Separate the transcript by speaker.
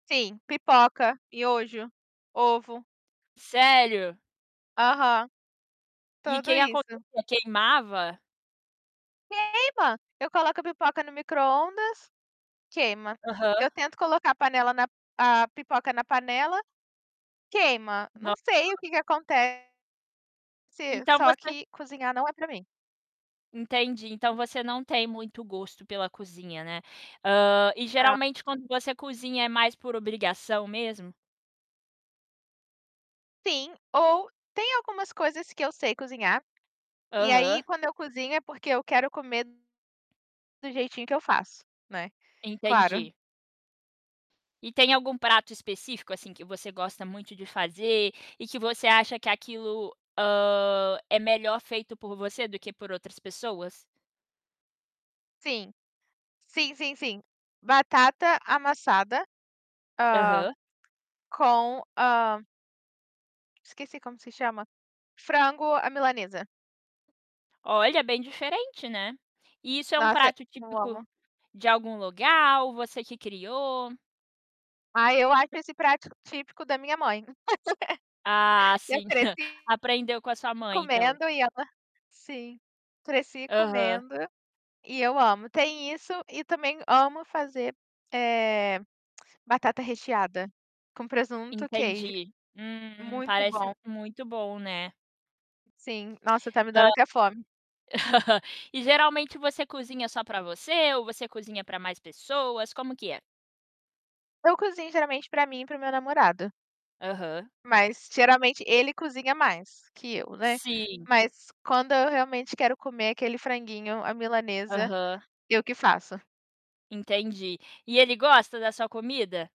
Speaker 1: Sim, pipoca, miojo, ovo.
Speaker 2: Sério?
Speaker 1: Aham,
Speaker 2: E
Speaker 1: tudo
Speaker 2: que
Speaker 1: isso.
Speaker 2: acontecia? Queimava?
Speaker 1: Queima, eu coloco a pipoca no micro-ondas, queima.
Speaker 2: Aham.
Speaker 1: Eu tento colocar a panela na a pipoca na panela, queima. Não
Speaker 2: Nossa.
Speaker 1: sei o que que aconte se
Speaker 2: Então
Speaker 1: só
Speaker 2: você
Speaker 1: que cozinhar não é para mim.
Speaker 2: Entendi, então você não tem muito gosto pela cozinha, né. Hã, e,
Speaker 1: Não.
Speaker 2: geralmente, quando você cozinha é mais por obrigação mesmo?
Speaker 1: Sim ou tem algumas coisas que eu sei cozinhar e, aí,
Speaker 2: Aham.
Speaker 1: quando eu cozinho, é porque eu quero comer do jeitinho que eu faço, né. Claro.
Speaker 2: Entendi. E tem algum prato específico, assim, que você gosta muito de fazer e que você acha que aquilo, hã, é melhor feito por você do que por outras pessoas?
Speaker 1: Sim, sim, sim, sim, batata amassada, hã,
Speaker 2: Aham.
Speaker 1: com, hã esqueci como se chama. Frango à milanesa.
Speaker 2: Olha, bem diferente, né. E isso é um
Speaker 1: Nossa,
Speaker 2: prato
Speaker 1: eu
Speaker 2: típico
Speaker 1: amo.
Speaker 2: de algum lugar? Ou você que criou?
Speaker 1: Ah, eu acho esse prato típico da minha mãe,
Speaker 2: Ah,
Speaker 1: eu
Speaker 2: sim,
Speaker 1: cresci
Speaker 2: aprendeu com a sua mãe, então.
Speaker 1: comendo e ela sim, cresci
Speaker 2: Aham.
Speaker 1: comendo e eu amo, tem isso e também amo fazer, eh, batata recheada, com presunto, queijo,
Speaker 2: Entendi. Hum,
Speaker 1: muito bom.
Speaker 2: parece muito bom, né.
Speaker 1: Sim. Nossa, tá me
Speaker 2: Hã,
Speaker 1: dando até fome.
Speaker 2: e, geralmente, você cozinha só para você ou você cozinha para mais pessoas? Como que é?
Speaker 1: Eu cozinho, geralmente, para mim e para o meu namorado.
Speaker 2: Aham.
Speaker 1: Mas, geralmente, ele cozinha mais que eu, né.
Speaker 2: Sim.
Speaker 1: Mas, quando eu realmente quero comer aquele franguinho à milanesa,
Speaker 2: Aham.
Speaker 1: eu que faço.
Speaker 2: Entendi. E ele gosta da sua comida?